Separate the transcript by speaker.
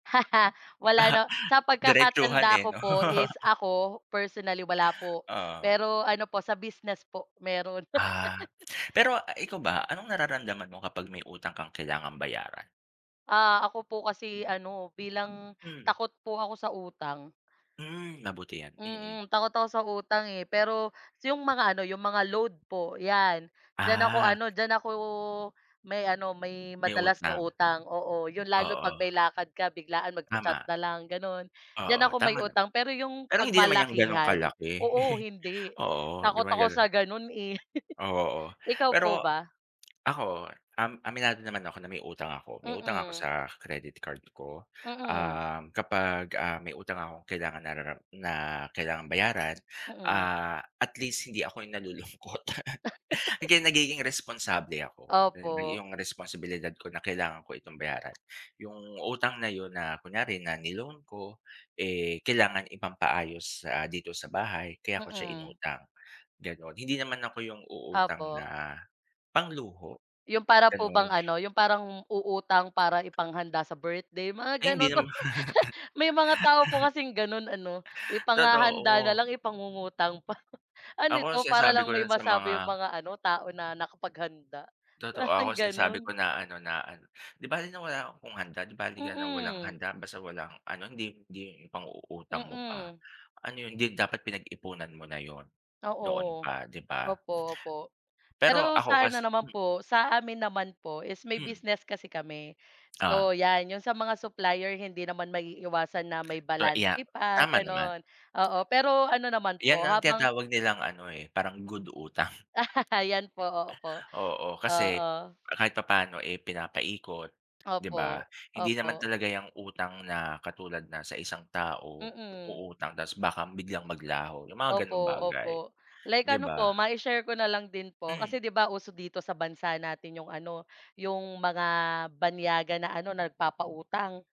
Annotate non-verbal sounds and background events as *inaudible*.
Speaker 1: *laughs* Wala
Speaker 2: Ah,
Speaker 1: na sa
Speaker 2: diretsuhan,
Speaker 1: pagkakatanda
Speaker 2: eh,
Speaker 1: ko
Speaker 2: 'no?
Speaker 1: po is ako, personally, wala po,
Speaker 2: Oo.
Speaker 1: pero ano po sa business po, meron.
Speaker 2: Ah,
Speaker 1: *laughs*
Speaker 2: pero, ah, ikaw ba, anong nararamdaman mo kapag may utang kang kailangang bayaran?
Speaker 1: Ah, ako po kasi ano, bilang
Speaker 2: Hmm.
Speaker 1: takot po ako sa utang.
Speaker 2: Mm, mabuti yan, mm.
Speaker 1: Mm, takot ako sa utang, eh, pero 'yong mga ano, 'yong mga load po, 'yan, diyan ako
Speaker 2: Ah.
Speaker 1: ano, diyan ako may ano, may
Speaker 2: May
Speaker 1: madalas na
Speaker 2: utang.
Speaker 1: utang oo. Yun lalo 'pag
Speaker 2: Oo.
Speaker 1: may lakad ka, biglaan, magcha-chat
Speaker 2: Tama.
Speaker 1: na lang gano'n, diyan
Speaker 2: Oo,
Speaker 1: ako may
Speaker 2: tama nam
Speaker 1: utang pero 'yong
Speaker 2: pero
Speaker 1: pag
Speaker 2: hindi naman yang gano'ng
Speaker 1: malakihan
Speaker 2: kalaki.
Speaker 1: oo,
Speaker 2: *chuckles*
Speaker 1: hindi,
Speaker 2: Oo, hindi
Speaker 1: takot
Speaker 2: naman
Speaker 1: ako sa
Speaker 2: gano'n.
Speaker 1: gano'n, eh,
Speaker 2: Oo,
Speaker 1: *chuckles* ikaw
Speaker 2: pero
Speaker 1: po ba?
Speaker 2: ako, um, aminado naman ako na may utang ako, may utang ako
Speaker 1: Mm.
Speaker 2: sa credit card ko.
Speaker 1: Mm.
Speaker 2: Um, kapag, ah, may utang akong kailangan narara na kailangan bayaran,
Speaker 1: Mm.
Speaker 2: ah, at least hindi ako yung nalulungkot.
Speaker 1: *laughs*
Speaker 2: Hanggang nagiging responsable ako dahil may
Speaker 1: Opo.
Speaker 2: iyong responsibilidad ko na, kailangan ko itong bayaran, yung utang na 'yon, na kunyari na ni-loan ko, eh, kailangan ipampaayos sa, ah, dito sa bahay, kaya ko siya
Speaker 1: Mm.
Speaker 2: inutang, gano'n. Hindi naman ako yung uutang
Speaker 1: Opo.
Speaker 2: na pangluho,
Speaker 1: Yung para po bang
Speaker 2: gano'n.
Speaker 1: ano, yung parang uutang para ipanghanda sa birthday, mga
Speaker 2: Ay, hindi
Speaker 1: ganun.
Speaker 2: nama
Speaker 1: *laughs* May mga tao po kasing gano'n ano,
Speaker 2: *laughs*
Speaker 1: ipanghahanda na
Speaker 2: Totoo.
Speaker 1: lang ipangungutang pa. Ano
Speaker 2: Ako,
Speaker 1: 'to, para
Speaker 2: sinasabi ko
Speaker 1: lang may
Speaker 2: lang sa mga
Speaker 1: masabi yung mga ano tao na nakapaghanda,
Speaker 2: totoo, ako
Speaker 1: parang gano'n?
Speaker 2: sinasabi ko na ano na ano, "Di bale na wala akong handa, di bale ka na ng walang
Speaker 1: Mm.
Speaker 2: handa, basta walang ano, hindi hindi yung ipang-uutang mo pa.
Speaker 1: Mm.
Speaker 2: Ano yun, hindi dapat pinag-ipunan mo na 'yon, noon
Speaker 1: Oo.
Speaker 2: pa." di ba?
Speaker 1: Opo, opo,
Speaker 2: pero
Speaker 1: pero
Speaker 2: ako
Speaker 1: sa ano
Speaker 2: kas
Speaker 1: naman
Speaker 2: hmm
Speaker 1: po, sa amin naman po is may
Speaker 2: Hmm.
Speaker 1: business kasi kami.
Speaker 2: Oo.
Speaker 1: So yan yung sa mga supplier, hindi naman maiiwasan na may
Speaker 2: So, iya
Speaker 1: balanse pa,
Speaker 2: tama naman.
Speaker 1: gano'n. Oo, pero ano naman
Speaker 2: Yan
Speaker 1: po
Speaker 2: ang
Speaker 1: habang
Speaker 2: tinatawag nilang ano, eh, parang good utang.
Speaker 1: *laughs* Yan po, opo.
Speaker 2: Oo, kasi,
Speaker 1: Oo.
Speaker 2: ah, kahit papaano, eh, pinapa-ikot di ba?
Speaker 1: Opo,
Speaker 2: Hindi naman
Speaker 1: opo.
Speaker 2: talaga yang utang na katulad na sa isang tao,
Speaker 1: Mm.
Speaker 2: uutang tas baka biglang maglaho, yung mga
Speaker 1: Opo,
Speaker 2: gano'ng bagay,
Speaker 1: opo. Like
Speaker 2: di
Speaker 1: ano
Speaker 2: ba?
Speaker 1: po, mai-share ko na lang din po,
Speaker 2: Hmm.
Speaker 1: kasi 'di ba uso dito sa bansa natin yung ano, yung mga banyaga na ano, na nagpapautang?